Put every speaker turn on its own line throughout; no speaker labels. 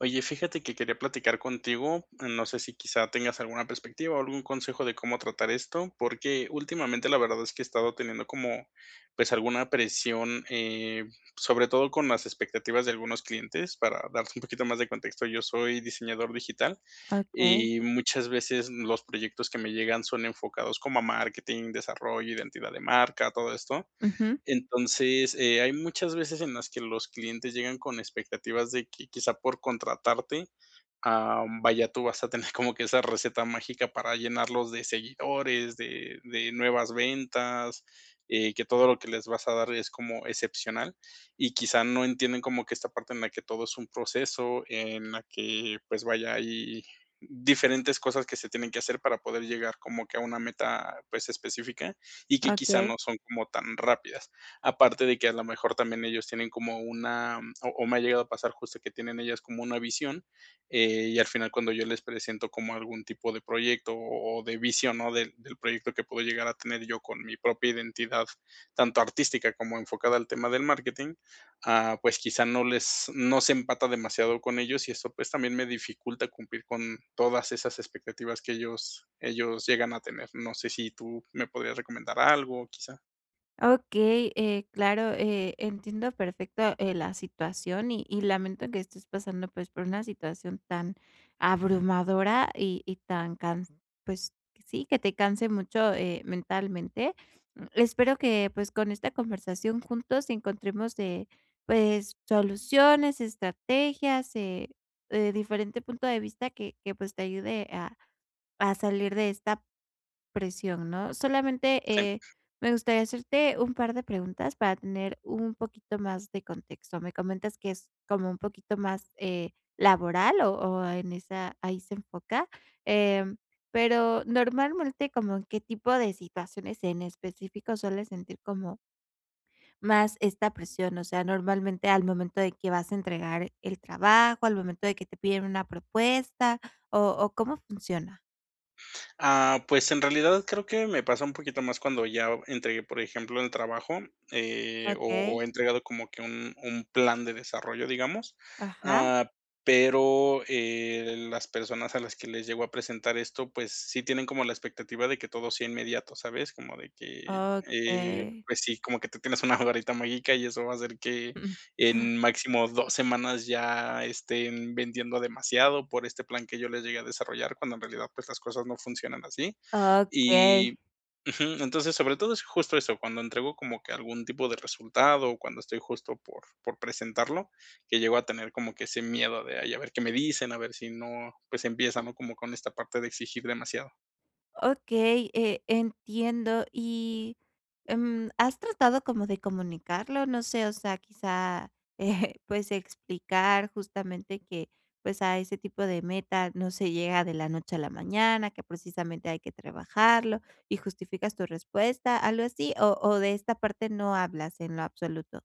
Oye, fíjate que quería platicar contigo, mm, no sé si quizá tengas alguna perspectiva o algún consejo de cómo tratar esto, porque últimamente, la verdad es que he estado teniendo como, pues, alguna presión, eh, sobre todo con las expectativas de algunos clientes, para darte un poquito más de contexto. Yo soy diseñador digital,
Okey.
y muchas veces los proyectos que me llegan son enfocados como a marketing, desarrollo, identidad de marca, todo esto.
Ujú.
Entonces, eh, hay muchas veces en las que los clientes llegan con expectativas de que quizá por contratarte, am, vaya, tú vas a tener como que esa receta mágica para llenarlos de seguidores, de de nuevas ventas, eh, que todo lo que les vas a dar es como excepcional, y quizá no entienden como que esta parte en la que todo es un proceso, en la que, pues vaya, hay diferentes cosas que se tienen que hacer para poder llegar como que a una meta, pues específica, y que quizá
Okey.
no son como tan rápidas. Aparte de que a lo mejor también ellos tienen como una o o me ha llegado a pasar justo que tienen ellas como una visión, eh, y al final cuando yo les presento como algún tipo de proyecto o o de visión, ¿no?, del del proyecto que puedo llegar a tener yo con mi propia identidad, tanto artística como enfocada al tema del marketing, ah, pues quizá no les no se empata demasiado con ellos, y eso, pues también me dificulta cumplir con todas esas expectativas que ellos ellos llegan a tener. No sé si tú me podrías recomendar algo, ¿quizá?
Okey, eh, claro, eh, entiendo perfecto, eh, la situación y y lamento que estés pasando, pues, por una situación tan abrumadora y y tan, can pues, sí, que te canse mucho, eh, mentalmente. Mm, espero que, pues con esta conversación juntos encontremos, eh, pues soluciones, estrategias, eh, diferente punto de vista que que, pues te ayude a a salir de esta presión ¿no? Solamente eh,
[unintelligible]
me gustaría hacerte un par de preguntas para tener un poquito más de contexto. Me comentas que es como un poquito más, eh, laboral o-o en esa ahí se enfoca, em, pero normalmente, ¿como en qué tipo de situaciones en específico sueles sentir como más esta presión, o sea, normalmente al momento de que vas a entregar el trabajo, al momento de que te piden una propuesta o o cómo funciona?
Ah, pues, en realidad, creo que me pasa un poquito más cuando ya o entregué, por ejemplo, el trabajo. Eh, o
Okey.
o he entregado como que un un plan de desarrollo, digamos.
Ajá.
Ah, pero eh, las personas a las que les llego a presentar esto, pues, sí tienen como la expectativa de que todo sea inmediato, ¿sabes? Como de que, eh,
Okey.
pues sí, como que tú tienes una varita mágica y eso va a hacer que en máximo 2 semanas ya estén vendiendo demasiado por este plan que yo les llegue a desarrollar, cuando en realidad, pues las cosas no funcionan así.
Okey.
Y ujú, entonces, sobre todo es justo eso, cuando entrego como que algún tipo de resultado o cuando estoy justo por por presentarlo, que llego a tener como que ese miedo de: "Ay, a ver qué me dicen", a ver si no, pues empiezan, ¿no? Como con esta parte de exigir demasiado.
Okey, eh, entiendo y, mm, ¿has tratado como de comunicarlo? No sé, o sea, quizá, eh, pues, explicar justamente que, pues, a ese tipo de meta no se llega de la noche a la mañana, que precisamente hay que trabajarlo y justificas tu respuesta, algo así, o o de esta parte no hablas en lo absoluto.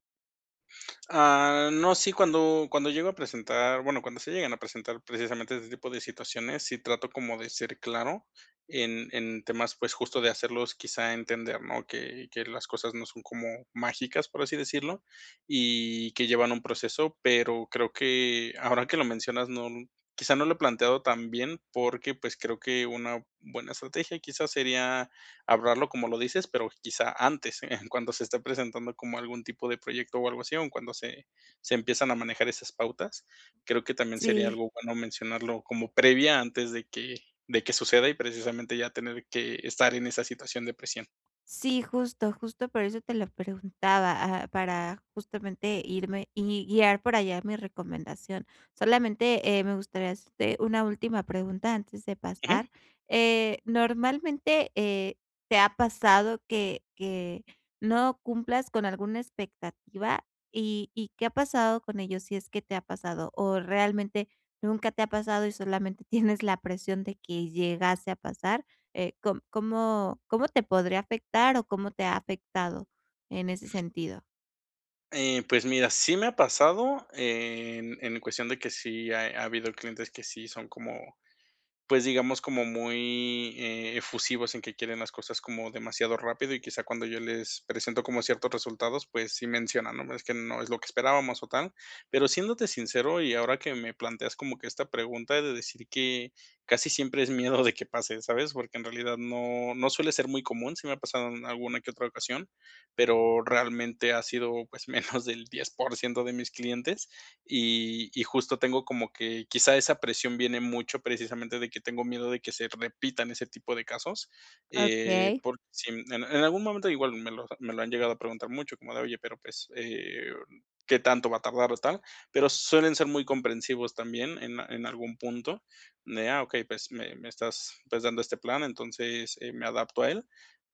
Ah, no, sí, cuando cuando llego a presentar, bueno, cuando se llegan a presentar precisamente ese tipo situaciones, sí trato como de ser claro en en temas, pues, justo de hacerlos quizá entender, ¿no? Que que las cosas no son como mágicas, por así decirlo, y que llevan un proceso, pero creo que ahora que lo mencionas no quizá no lo he planteado tan bien, porque, pues, creo que una buena estrategia quizás sería hablarlo como lo dices, pero quizá antes, en cuando se esté presentando como algún tipo de proyecto o algo así, o en cuando se se empiezan a manejar esas pautas. Creo que también sería
Sí.
algo bueno mencionarlo como previa antes de que de que suceda y precisamente ya tener que estar en esa situación de presión.
Sí, justo, justo por eso te lo preguntaba, ah, para justamente irme y guiar por allá mi recomendación. Solamente, eh, me gustaría, este, una última pregunta antes de
Ujú.
pasar. Eh, normalmente, eh, ¿te ha pasado que que no cumplas con alguna expectativa y y qué ha pasado con ello? Si es que te ha pasado o realmente nunca te ha pasado y solamente tienes la presión de que llegase a pasar, eh, ¿cómo cómo te podría afectar o cómo te ha afectado en ese sentido?
Eh, pues, mira, sí me ha pasado en en cuestión de que sí ha habido clientes que sí son como, pues, digamos, como muy efusivos en que quieren las cosas como demasiado rápido, y quizá cuando yo les presento como ciertos resultados, pues, sí mencionan, ¿no? Es que no es lo que esperábamos o tal. Pero siéndote sincero, y ahora que me planteas como que esta pregunta de decir que casi siempre es miedo de que pase, ¿sabes? Porque en realidad no no suele ser muy común, sí me ha pasado en alguna que otra ocasión, pero realmente ha sido, pues, menos del 10% de mis clientes, y y justo tengo como que quizá esa presión viene mucho precisamente de tengo miedo de que se repitan ese tipo de casos, eh,
Okey.
por si, en en algún momento igual me lo me lo han llegado a preguntar mucho, como de, oye, pero, pues, eh, ¿qué tanto va a tardar o tal? Pero suelen ser muy comprensivos también en en algún punto, de: "Ah, okey, pues, me me estás, pues, dando este plan, entonces, eh, me adapto a él".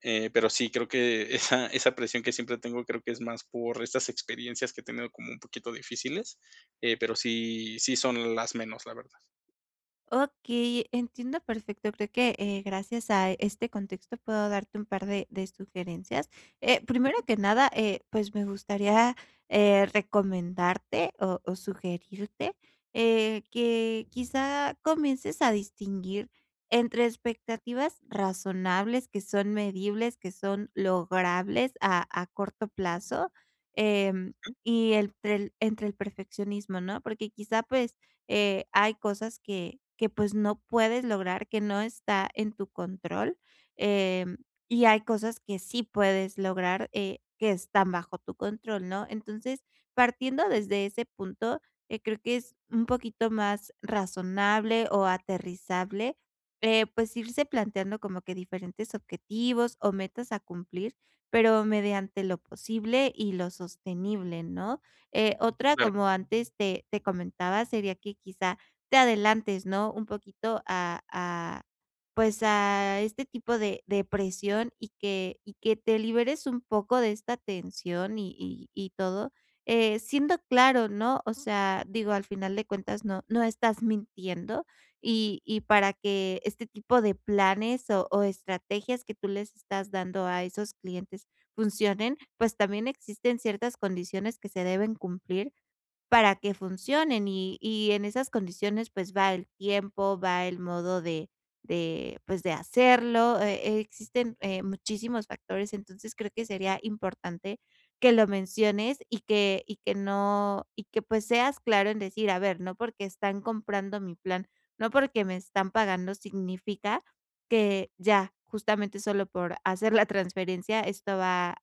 Eh, pero sí, creo que esa esa presión que siempre tengo creo que es más por estas experiencias que he tenido como un poquito difíciles, eh, pero sí sí son las menos, la verdad.
Okey, entiendo perfecto, creo que, eh, gracias a este contexto puedo darte un par de de sugerencias. Eh, primero
Jum.
que nada, eh, pues, me gustaría, eh, recomendarte o o sugerirte, eh, que, quizá, comiences a distinguir entre expectativas razonables, que son medibles, que son logrables a a corto plazo, em,
Mm.
y entre el entre el perfeccionismo, ¿no? Porque quizá, pues, eh, hay cosas que que, pues, no puedes lograr, que no está en tu control, em, y hay cosas que sí puedes lograr, eh, que están bajo tu control, ¿no? Entonces, partiendo
Mm.
desde ese punto, eh, creo que es un poquito más razonable o aterrizable eh, pues, irse planteando como que diferentes objetivos o metas a cumplir, pero mediante lo posible y lo sostenible, ¿no? Eh, otra,
Claro.
como antes te te comentaba, sería que quizá te adelantes, ¿no?, un poquito a a, pues, a este tipo de de presión y que y que te liberes un poco de esta tensión y y y todo, eh, siendo claro, ¿no? O sea, digo, al final de cuentas, no no estás mintiendo y y para que este tipo de planes o o estrategias que tú les estás dando a esos clientes funcionen, pues, también existen ciertas condiciones que se deben cumplir para que funcionen y y en esas condiciones, pues, va el tiempo, va el modo de de, pues, de hacerlo. Eh eh, existen, eh, muchísimos factores, entonces, creo que sería importante que lo menciones y que y que no y que, pues, seas claro en decir: "A ver, no porque están comprando mi plan, no porque me están pagando significa que ya, justamente, solo por hacer la transferencia esto va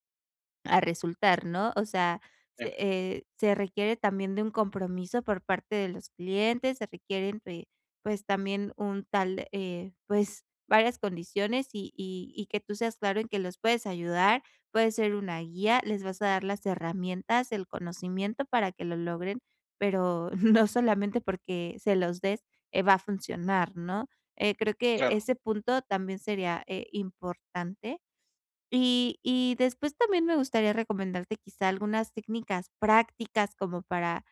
a resultar", ¿no? O sea,
Ya.
se eh, se requiere también de un compromiso por parte de los clientes, se requieren, eh, pues, también un tal, eh, pues, varias condiciones y y y que tú seas claro en que los puedes ayudar, puede ser una guía, les vas a dar las herramientas, el conocimiento para que lo logren, pero no solamente porque se los des, eh, va a funcionar ¿no? Eh, creo que
Claro.
ese punto también sería, eh, importante y y después también me gustaría recomendarte quizá algunas técnicas prácticas como para,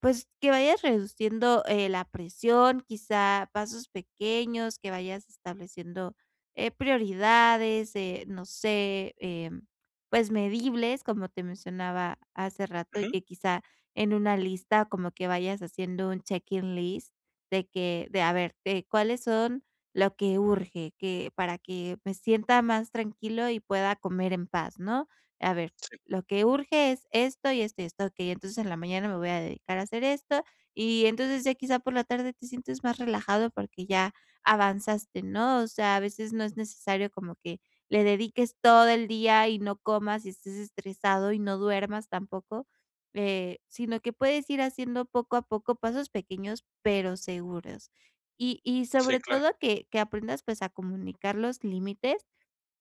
pues, que vayas reduciendo, eh, la presión, quizá pasos pequeños, que vayas estableciendo, eh, prioridades, eh, no sé, em, pues, medibles, como te mencionaba hace rato, y
Ujú.
que quizá en una lista como que vayas haciendo un check in list de que, de a ver, de cuáles son lo que urge, que para que me sienta más tranquilo y pueda comer en paz, ¿no? A ver,
Sí.
lo que urge es esto, y esto, y esto. Okey, entonces, en la mañana me voy a dedicar a hacer esto. Y entonces, ya quizá por la tarde, te sientes más relajado porque ya avanzaste, ¿no?, o sea, a veces, no es necesario como que le dediques todo el día y no comas, y estés estresado, y no duermas tampoco, eh, sino que puedes ir haciendo poco a poco pasos pequeños pero seguros. Y y
Sí,
sobre
claro.
todo, que que aprendas, pues, a comunicar los límites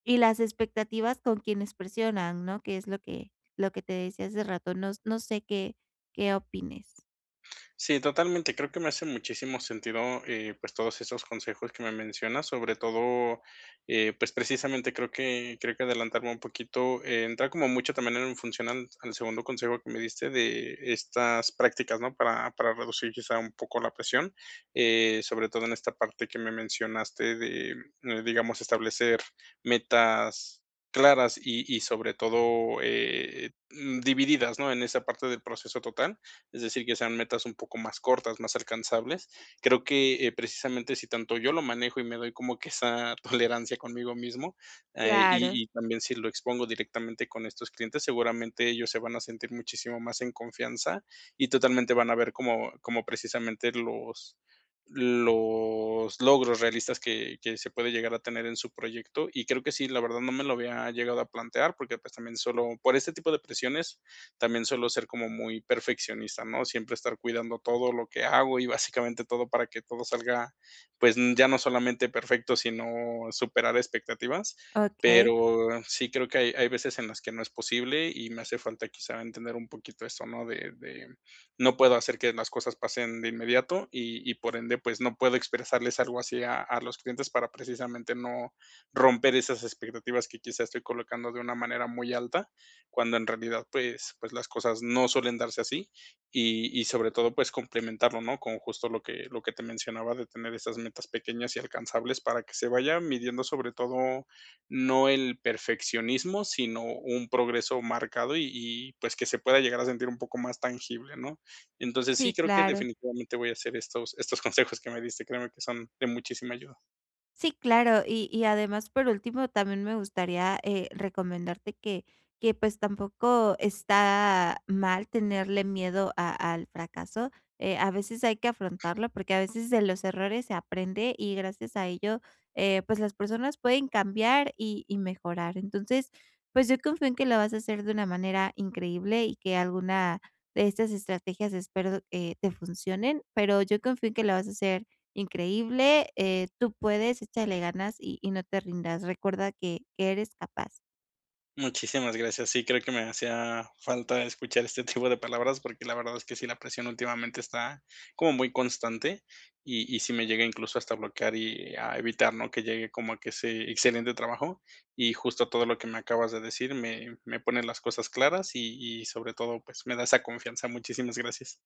y las expectativas con quienes presionan, ¿no?, que es lo que lo que te decía hace rato. Nos no sé qué qué opines.
Sí, totalmente, creo que me hace muchísimo sentido, eh, pues, todos esos consejos que me mencionas sobre todo, eh, pues precisamente creo que creo que adelantarme un poquito, eh, entra como mucho también en función al al segundo consejo que me diste de estas prácticas, ¿no? Para para reducir quizá un poco la presión. Eh, sobre todo en esta parte que me mencionaste de, digamos, establecer metas claras y y sobre todo, eh, mm, divididas, ¿no? En esa parte del proceso total. Es decir, que sean metas un poco más cortas, más alcanzables. Creo que, eh, precisamente, si tanto yo lo manejo y me doy como que esa tolerancia conmigo mismo, eh,
Claro.
y y también si lo expongo directamente con estos clientes, seguramente ellos se van a sentir muchísimo más en confianza, y totalmente van a ver como como precisamente los, los logros realistas que que se puede llegar a tener en su proyecto, y creo que sí, la verdad no me lo había llegado a plantear, porque, pues, también solo por ese tipo de presiones también suelo ser como muy perfeccionista, ¿no? Siempre estar cuidando todo lo que hago y básicamente todo para que todo salga, pues, ya no solamente perfecto, sino superar expectativas.
Okey.
Pero sí, creo que hay hay veces en las que no es posible y me hace falta quizá entender un poquito eso, ¿no? De de no puedo hacer que las cosas pasen de inmediato y y por ende, pues, no puedo expresarles algo así a a los clientes para precisamente no, romper esas expectativas que quizá estoy colocando de una manera muy alta, cuando en realidad, pues pues, las cosas no suelen darse así. Y y sobre todo, pues, complementarlo, ¿no? Con justo lo que lo que te mencionaba de tener esas metas pequeñas y alcanzables para que se vaya midiendo sobre todo, no el perfeccionismo, sino un progreso marcado y y, pues, que se pueda llegar a sentir un poco más tangible, ¿no? Entonces,
Sí,
sí, creo que
claro.
definitivamente voy a hacer estos estos consejos que me diste, créeme que son de muchísima ayuda.
Sí, claro. Y y además, por último, también me gustaría, eh, recomendarte que que pues tampoco está mal tenerle miedo a al fracaso. Eh, a veces hay que afrontarlo porque a veces de los errores se aprende y gracias a ello, eh, pues las personas pueden cambiar y y mejorar, entonces, pues, yo confío en que lo vas a hacer de una manera increíble y que alguna de estas estrategias espero, eh, te funcionen, pero yo confío en que lo vas a hacer increíble, eh, tú puedes, échale ganas y y no te rindas. Recuerda que que eres capaz.
Muchísimas gracias, sí, creo que me hacía falta escuchar este tipo de palabras, porque la verdad es que sí la presión últimamente está como muy constante. Y y sí me llega incluso hasta bloquear y a evitar, ¿no?, que llegue como a que ese excelente trabajo. Y justo todo lo que me acabas de decir me me pone las cosas claras y y sobre todo, pues, me da esa confianza. Muchísimas gracias.